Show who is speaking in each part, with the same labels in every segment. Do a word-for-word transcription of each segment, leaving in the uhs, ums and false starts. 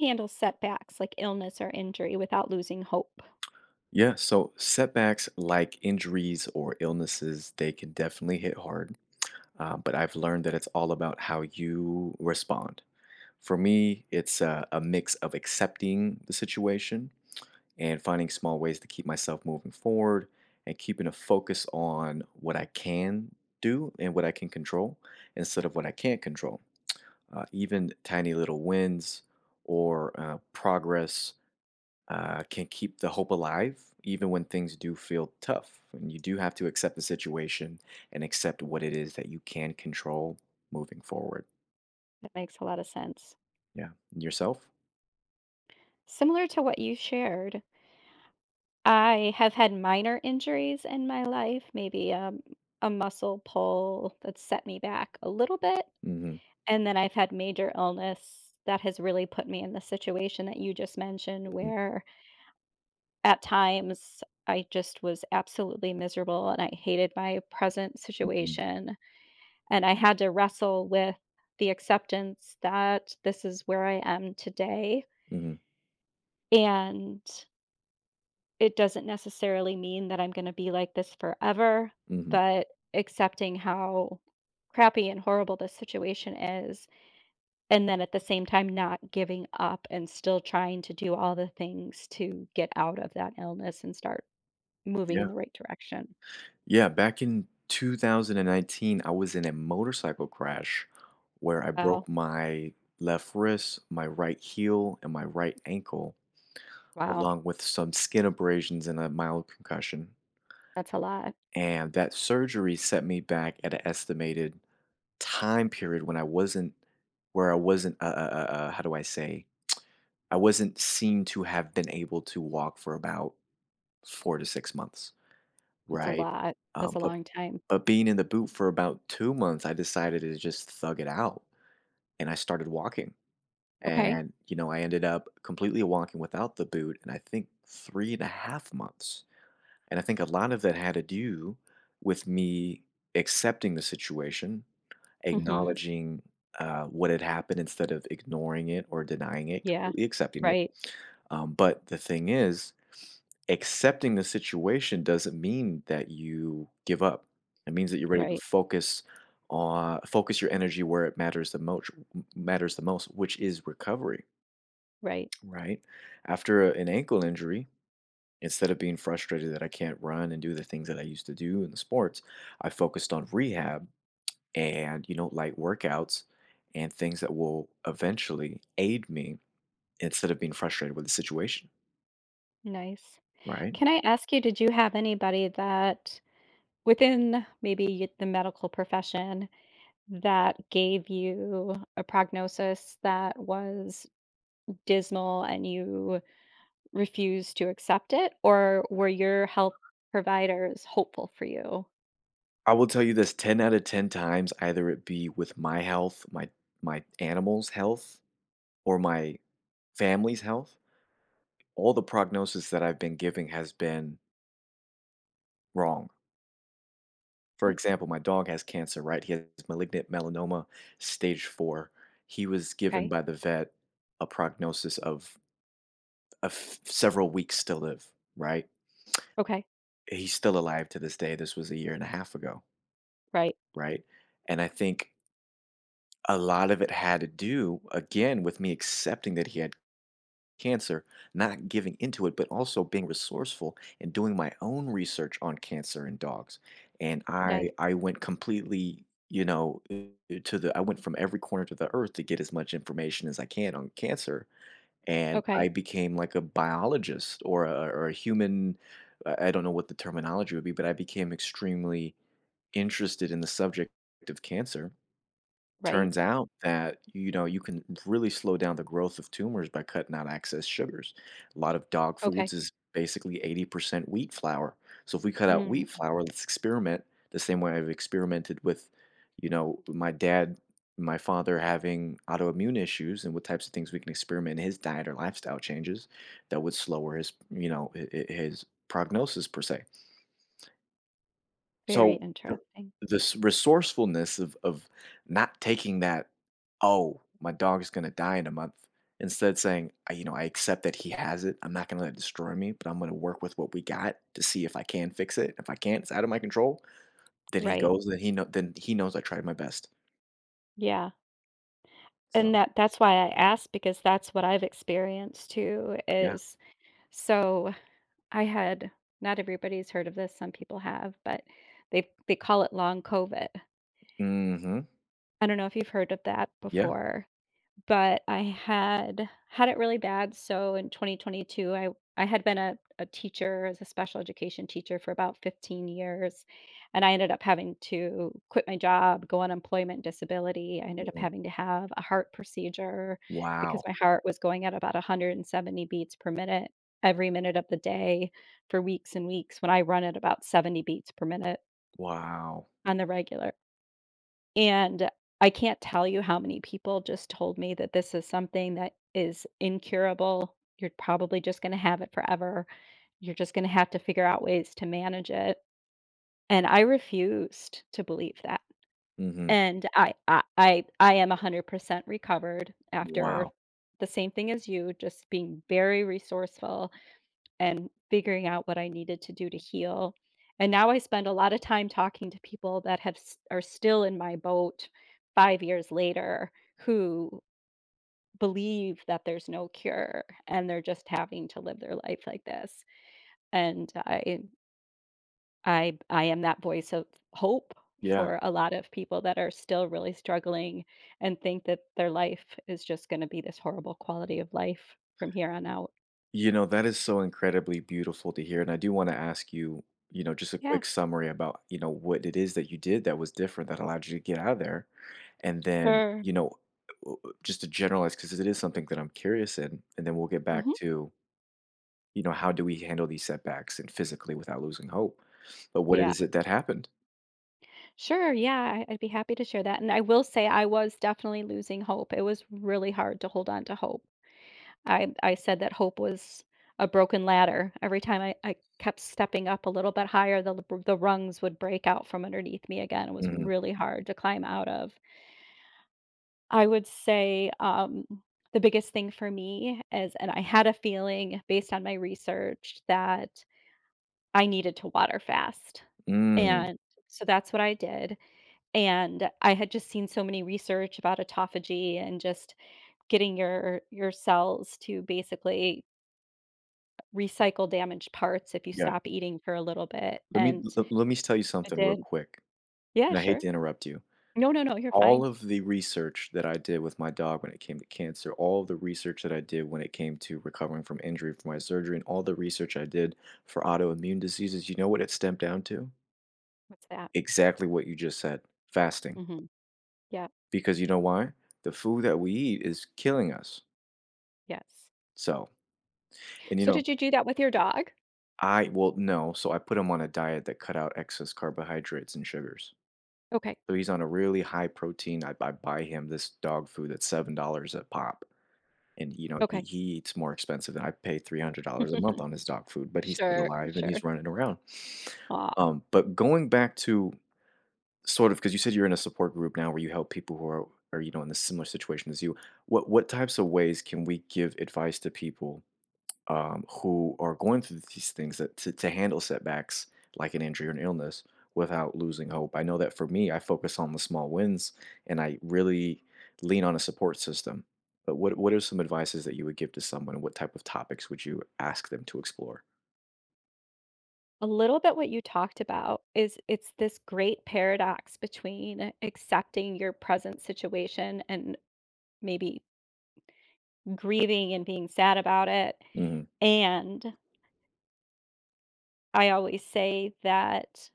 Speaker 1: Handle setbacks like illness or injury without losing hope?
Speaker 2: Yeah, so setbacks like injuries or illnesses, they can definitely hit hard, uh, but I've learned that it's all about how you respond. For me, it's, uh, a mix of accepting the situation, and finding small ways to keep myself moving forward, and keeping a focus on what I can do and what I can control instead of what I can't control. Uh, even tiny little wins or, uh, progress, uh, can keep the hope alive even when things do feel tough, and you do have to accept the situation and accept what it is that you can control moving forward.
Speaker 1: That makes a lotta sense.
Speaker 2: Yeah, and yourself?
Speaker 1: Similar to what you shared I have had minor injuries in my life, maybe a m a muscle pull that set me back a little bit,
Speaker 2: Mhm.
Speaker 1: and then I've had major illness that has really put me in the situation that you just mentioned,
Speaker 2: Mhm.
Speaker 1: where at times, I just was absolutely miserable, and I hated my present
Speaker 2: Mhm.
Speaker 1: situation, and I had to wrestle with the acceptance that this is where I am today.
Speaker 2: Mhm.
Speaker 1: And it doesn't necessarily mean that I'm gonna be like this forever,
Speaker 2: Mhm.
Speaker 1: but accepting how crappy and horrible this situation is, and then at the same time, not giving up, and still trying to do all the things to get out of that illness and start moving
Speaker 2: Yeah.
Speaker 1: in the right direction.
Speaker 2: Yeah, back in two thousand and nineteen, I was in a motorcycle crash where I
Speaker 1: Ow.
Speaker 2: broke my left wrist, my right heel, and my right ankle,
Speaker 1: Wow.
Speaker 2: along with some skin abrasions and a mild concussion.
Speaker 1: That's a lot.
Speaker 2: And that surgery set me back at a estimated time period when I wasn't where I wasn't uh uh uh, how do I say? I wasn't seem to have been able to walk for about, four to six months,
Speaker 1: That's a
Speaker 2: right?
Speaker 1: lot.
Speaker 2: Uh,
Speaker 1: That's a
Speaker 2: but
Speaker 1: long time.
Speaker 2: but being in the boot for about two months, I decided to just thug it out, and I started walking.
Speaker 1: Okay.
Speaker 2: And, you know, I ended up completely walking without the boot in, I think, three and a half months. And I think a lot of that had to do, with me accepting the situation,
Speaker 1: Mhm.
Speaker 2: acknowledging, uh, what had happened instead of ignoring it or denying it,
Speaker 1: Yeah.
Speaker 2: completely accepting it.
Speaker 1: Right.
Speaker 2: Um, but the thing is, accepting the situation doesn't mean that you give up. It means that you're ready to
Speaker 1: Right.
Speaker 2: focus on focus your energy where it matters the moch matters the most, which is recovery.
Speaker 1: Right.
Speaker 2: Right? After, uh, an ankle injury, instead of being frustrated that I can't run and do the things that I used to do in the sports, I focused on rehab and, you know, light workouts and things that will eventually aid me, instead of being frustrated with the situation.
Speaker 1: Nice.
Speaker 2: Right.
Speaker 1: Can I ask you, did you have anybody that within maybe the medical profession that gave you a prognosis that was dismal and you refused to accept it, or were your health providers hopeful for you?
Speaker 2: I will tell you this ten outta ten times, either it be with my health, my my animals' health, or my family's health, all the prognosis that I've been giving has been wrong. For example, my dog has cancer, right, he has malignant melanoma stage four. He was given
Speaker 1: 'Kay.
Speaker 2: by the vet a prognosis of a th several weeks still live, right?
Speaker 1: Okay.
Speaker 2: He's still alive to this day, this was a year and a half ago.
Speaker 1: Right.
Speaker 2: Right, and I think a lot of it had to do again with me accepting that he had cancer, not giving into it, but also being resourceful and doing my own research on cancer in dogs, and I
Speaker 1: Diet.
Speaker 2: I went completely, you know, to the I went from every corner to the earth to get as much information as I can on cancer, and I
Speaker 1: Okay.
Speaker 2: became like a biologist or a or a human, uh, I don't know what the terminology would be, but I became extremely interested in the subject of cancer.
Speaker 1: Right.
Speaker 2: Turns out that, you know, you can really slow down the growth of tumors by cutting out excess sugars. a lot of dog foods
Speaker 1: Okay.
Speaker 2: is basically eighty percent wheat flour- so if we cut out
Speaker 1: Mm.
Speaker 2: wheat flour, let's experiment the same way I've experimented with, you know, my dad, my father, having autoimmune issues and what types of things we experiment in his diet or lifestyle changes that would slower his, you know, h h his prognosis per se.
Speaker 1: Very
Speaker 2: So the
Speaker 1: interrupting.
Speaker 2: the s resourcefulness of of not taking that, "Oh, my dog is gonna die in a month." Instead saying, "Uh, you know, I accept that he has it. I'm not gonna let it destroy me, but I'm gonna work with what we got to see if I can fix it. If I can't it's out of my control, then he
Speaker 1: Right.
Speaker 2: goes, and he know then he knows I tried my best."
Speaker 1: Yeah. And
Speaker 2: So.
Speaker 1: that that's why I asked because that's what I've experienced too,
Speaker 2: Yeah.
Speaker 1: is so I had, not everybody's heard of this, some people have, but they they call it Long Covid.
Speaker 2: Mhm.
Speaker 1: I dunno if you've heard of that
Speaker 2: Yeah.
Speaker 1: before but I had had it really bad. So, in twenty twenty two, I w I had been a a teacher, as a special education teacher, for about fifteen years and I ended up having to quit my job, go on employment disability, ended up
Speaker 2: Mm-mm.
Speaker 1: having to have a heart procedure because
Speaker 2: Wow.
Speaker 1: my heart was going at about one hundred seventy beats per minute, every minute of the day, for weeks and weeks, when I run at about seventy beats per minute
Speaker 2: Wow.
Speaker 1: on the regular. And I can't tell you how many people just told me that this is something that is incurable. "You're probably just gonna have it forever. You're just gonna have to figure out ways to manage it," and I refused to believe that.
Speaker 2: Mhm.
Speaker 1: And I I I I am a hundred percent recovered after
Speaker 2: Wow.
Speaker 1: the same thing as you, just being very resourceful, and figuring out what I needed to do to heal. And now I spend a lotta time talking to people that have s are still in my boat five years later, who believe that there's no cure and they're just having to live their life like this. And I i I I am that voice of hope
Speaker 2: Yeah.
Speaker 1: for a lot of people that are still really struggling, and think that their life is just gonna be this horrible quality of life from here on out.
Speaker 2: You know, that is so incredibly beautiful to hear and I do wanna ask you, you know, just a
Speaker 1: Yeah.
Speaker 2: quick summary about, you know, what it is that you did that was different that allowed you to get outta there. And then,
Speaker 1: Sure.
Speaker 2: you know, uh uh uh, just to generalize 'cause it is something that I'm curious in, and then we'll get back
Speaker 1: Mhm.
Speaker 2: to you know, how do we handle these setbacks and physically without losing hope. But what it
Speaker 1: Yeah.
Speaker 2: is that happened?
Speaker 1: Sure, yeah. I I'd be happy to share that. And I will say I was definitely losing hope; it was really hard to hold on to hope. I I said that hope was a broken ladder; every time I I kept stepping up a little bit higher, the l b the rungs would break out from underneath me again; it was
Speaker 2: Mhm.
Speaker 1: really hard to climb out of. I would say, um, the biggest thing for me is, and I had a feeling, based on my research, that I needed to water fast,
Speaker 2: Mm.
Speaker 1: and so that's what I did. And, I had just seen so many research about autophagy, and just getting your your cells to basically r recycle damaged parts if you
Speaker 2: Yeah.
Speaker 1: stop eating for a little bit
Speaker 2: Let me
Speaker 1: and
Speaker 2: le let me s tell you
Speaker 1: it
Speaker 2: something real
Speaker 1: did
Speaker 2: quick,
Speaker 1: Yeah,
Speaker 2: and I hate
Speaker 1: sure
Speaker 2: to interrupt you.
Speaker 1: No, no, no, you're
Speaker 2: All
Speaker 1: fine.
Speaker 2: of the research that I did with my dog when it came to cancer, all the research that I did when it came to recovering from injury from my surgery, and all the research I did for autoimmune diseases, you know what it stemmed down to?
Speaker 1: What's that?
Speaker 2: Exactly what you just said: fasting.
Speaker 1: Mhm. Yep.
Speaker 2: Because you know why? The food that we eat is killing us.
Speaker 1: Yes.
Speaker 2: So, and, you
Speaker 1: So,
Speaker 2: know
Speaker 1: did you do that with your dog?
Speaker 2: I well, no. So, I put him on a diet that cut out excess carbohydrates and sugars.
Speaker 1: Okay.
Speaker 2: So he's on a really high-protein I buy buy him this dog food at seven dollars a pop, and, you know, he
Speaker 1: Okay.
Speaker 2: he eats more expensive than I pay three hundred dollars a month on his dog food, but he's still
Speaker 1: Sure,
Speaker 2: alive and
Speaker 1: sure.
Speaker 2: he's running around.
Speaker 1: Aw.
Speaker 2: Um, but going back to sort of 'cause you said you're in a support group now where you help people who are are, you know, in the similar situation as you, what what types of ways can we give advice to people, um, who are going through these things that to to handle setbacks like an injury or an illness without losing hope? I know that for me, I focus on the small wins, and I really lean on a support system, but what what are some advices that you would give to someone? And what type of topics would you ask them to explore?
Speaker 1: A little bit what you talked about is it's this great paradox between accepting your present situation and maybe grieving and being sad about it,
Speaker 2: Mhm.
Speaker 1: and I always say that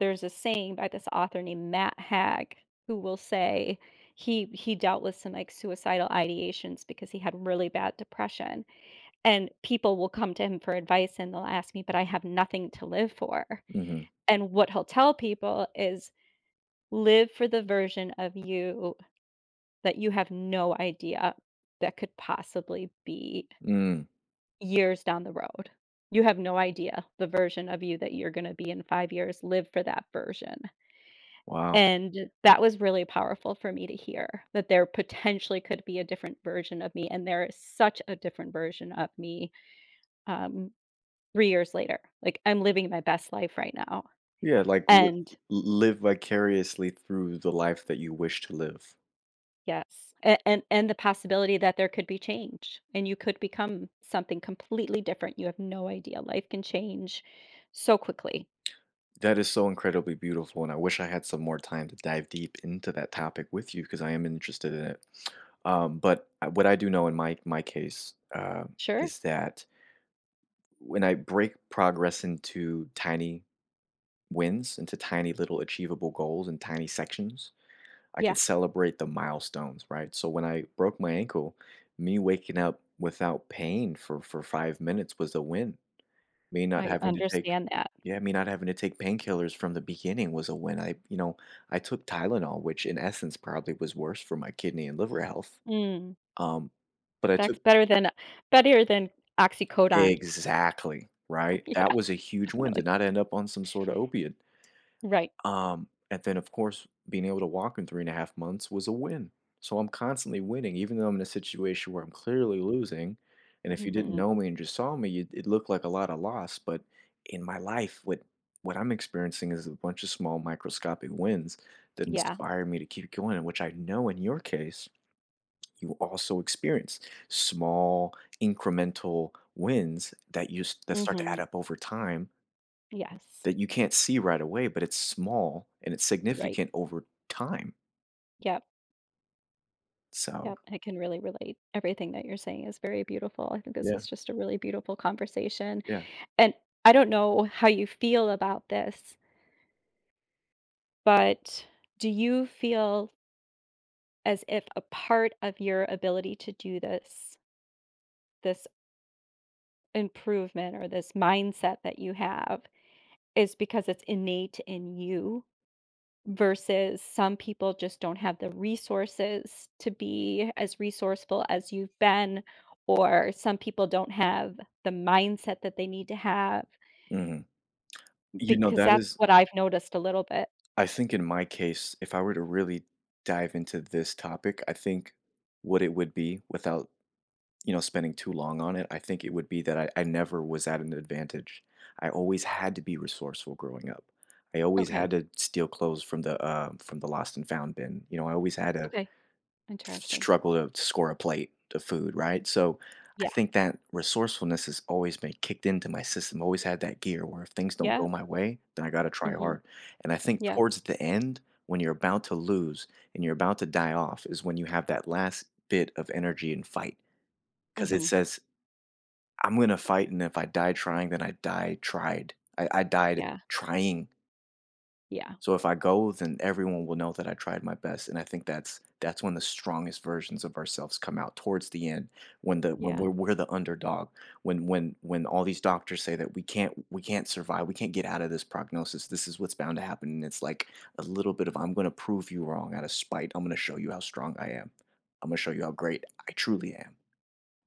Speaker 1: there's a saying by this author named Matt Haig, who will say he he dealt with some, like, suicidal ideations because he had really bad depression, and people will come to him for advice, and they'll ask me, "But I have nothing to live for,"
Speaker 2: Mhm.
Speaker 1: and what he'll tell people is, "Live for the version of you that you have no idea that could possibly be"
Speaker 2: Mm.
Speaker 1: "years down the road." You have no idea the version of you that you're gonna be in five years. Live for that version
Speaker 2: Wow.
Speaker 1: and that was really powerful for me to hear, that there potentially could be a different version of me, and there is such a different version of me, um, three years later. Like, I'm living my best life right now,
Speaker 2: Yeah, like, l l
Speaker 1: and
Speaker 2: l live vicariously through the life that you wish to live.
Speaker 1: Yes, a an and the possibility that there could be change, and you could become something completely different. You have no idea, life can change so quickly.
Speaker 2: That is so incredibly beautiful, and I wish I had some more time to dive deep into that topic with you 'cause I am interested in it. Um, but, uh what I do know in my my case, um,
Speaker 1: Sure.
Speaker 2: is that when I break progress into tiny wins, into tiny, little, achievable goals in tiny sections, I could
Speaker 1: Yeah.
Speaker 2: celebrate the milestones, right? So, when I broke my ankle, me waking up without pain for for five minutes was a win. Me not
Speaker 1: I
Speaker 2: having to take
Speaker 1: understand that.
Speaker 2: yeah, me not having to take painkillers from the beginning was a win. I, you know I took Tylenol, which in essence probably was worse for my kidney and liver health.
Speaker 1: Mm.
Speaker 2: Um, but I
Speaker 1: That's
Speaker 2: took
Speaker 1: better than better than oxycodone.
Speaker 2: Exactly, right? That
Speaker 1: Yeah.
Speaker 2: was a huge win, did
Speaker 1: Definitely.
Speaker 2: not end up on some sorta opiate.
Speaker 1: Right.
Speaker 2: Um, and then, of course, being able to in walk in three and a half months was a win, so I'm constantly winning, even though I'm in a situation where I'm clearly losing, and if you didn't
Speaker 1: Mhm.
Speaker 2: know me and just saw me, it it looked like a lotta loss, but in my life, what what I'm experiencing is a bunch of small, microscopic wins that
Speaker 1: Yeah.
Speaker 2: inspire me to keep going, which I know in your case, you also experienced small, incremental wins that use that start to add
Speaker 1: Mhm.
Speaker 2: up over time
Speaker 1: Yes.
Speaker 2: that you can't see right away, but it's small and it's
Speaker 1: Right.
Speaker 2: significant over time.
Speaker 1: Yep.
Speaker 2: So
Speaker 1: Yep, I can really relate; everything that you're saying is very beautiful. I think this
Speaker 2: Yeah.
Speaker 1: is just a really beautiful conversation,
Speaker 2: Yeah.
Speaker 1: and, I don't know how you feel about this but do you feel as if a part of your ability to do this this improvement, or this mindset that you have, is because it's innate in you, versus some people just don't have the resources to be as resourceful as you've been, or some people don't have the mindset that they need to have?
Speaker 2: Mhm, you know,
Speaker 1: Because
Speaker 2: that
Speaker 1: that's
Speaker 2: is
Speaker 1: what I've noticed a little bit.
Speaker 2: I think in my case, if I were to really dive into this topic, I think, what it would be, without, you know, spending too long on it, I think it would be that I I never was at an advantage, I always had to be resourceful growing up. I always
Speaker 1: Okay.
Speaker 2: had to steal clothes from the, uh from the lost and found bin, you know, I always had a
Speaker 1: Okay.
Speaker 2: s
Speaker 1: Interesting.
Speaker 2: struggle to score a plate of food, right, so, I
Speaker 1: Yeah.
Speaker 2: think that resourcefulness has always been kicked into my system, always had that gear where if things don't go
Speaker 1: Yep.
Speaker 2: my way, then I gotta try
Speaker 1: Mhm.
Speaker 2: hard, and I think
Speaker 1: Yep.
Speaker 2: towards the end, when you're about to lose, and you're about to die off is when you have that last bit of energy and fight, 'cause it
Speaker 1: Mhm.
Speaker 2: says, "I'm gonna fight, and if I die trying, then I die tried I I died
Speaker 1: Yeah.
Speaker 2: trying."
Speaker 1: Yeah.
Speaker 2: So, if I go, then everyone will know that I tried my best, and I think that's that's when the strongest versions of ourselves come out towards the end when the when
Speaker 1: Yeah.
Speaker 2: we're we're the underdog. When when when all these doctors say that we can't we can't survive, we can't get out of this prognosis. This is what's bound to happen, and it's like a little bit of "I'm gonna prove you wrong out of spite. I'm gonna show you how strong I am. Imma show you how great I truly am."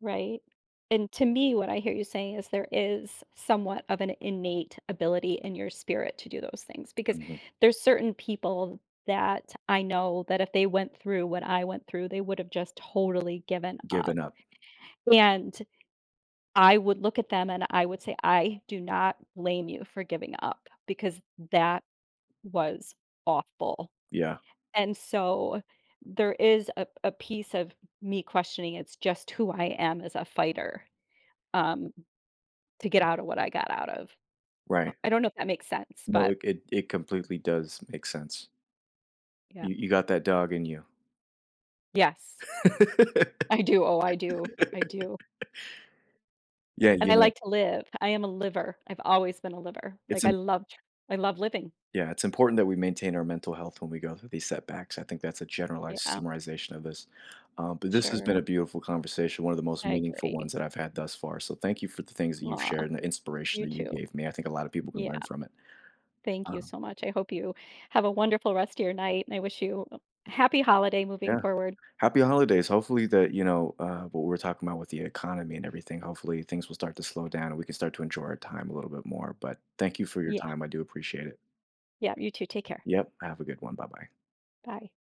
Speaker 1: Right, and to me, what I hear you saying is, there is somewhat of an innate ability in your spirit to do those things, because,
Speaker 2: Mhm.
Speaker 1: there's certain people that I know that if they went through what I went through, they would've just totally given up,
Speaker 2: Giving up.
Speaker 1: and, I would look at them and I would say, "I do not blame you for giving up, because that was awful,"
Speaker 2: Yeah.
Speaker 1: and so, there is a a piece of me questioning it's just who I am as a fighter, um, to get outta what I got out of, uh,
Speaker 2: Right.
Speaker 1: I don't know if that makes sense,
Speaker 2: No,
Speaker 1: but
Speaker 2: it it it completely does make sense.
Speaker 1: Yep.
Speaker 2: You you got that dog in you.
Speaker 1: Yes. I do. Oh, I do, I do.
Speaker 2: Yeah,
Speaker 1: And
Speaker 2: you
Speaker 1: I
Speaker 2: know
Speaker 1: like to live. I am a liver, I've always been a liver.
Speaker 2: It's
Speaker 1: Like, I
Speaker 2: im
Speaker 1: loved I love living.
Speaker 2: Yeah, it's important that we maintain our mental health when we go through these setbacks, I think that's a generalized
Speaker 1: Yeah.
Speaker 2: summarization of this, um, but this has been
Speaker 1: Sure.
Speaker 2: a beautiful conversation, one of the most
Speaker 1: I
Speaker 2: meaningful
Speaker 1: agree.
Speaker 2: ones that I've had thus far, so, thank you for the things that you've
Speaker 1: Aw,
Speaker 2: shared and the inspiration
Speaker 1: you
Speaker 2: that you
Speaker 1: too,
Speaker 2: gave me, I think a lotta people can
Speaker 1: yeah,
Speaker 2: learn from it.
Speaker 1: thank you
Speaker 2: Um
Speaker 1: so much, I hope you have a wonderful rest of your night, and I wish you, o happy holiday moving
Speaker 2: Yeah.
Speaker 1: forward.
Speaker 2: Happy holidays. Hopefully that, you know, uh, what we're talking about with the economy and everything, hopefully, things will start to slow down and we can start to enjoy our time a little bit more, but, thank you for your
Speaker 1: Yeah.
Speaker 2: time, I do appreciate it.
Speaker 1: Yeah, you too. Take care.
Speaker 2: Yep. Have a good one. Bye-bye.
Speaker 1: Bye.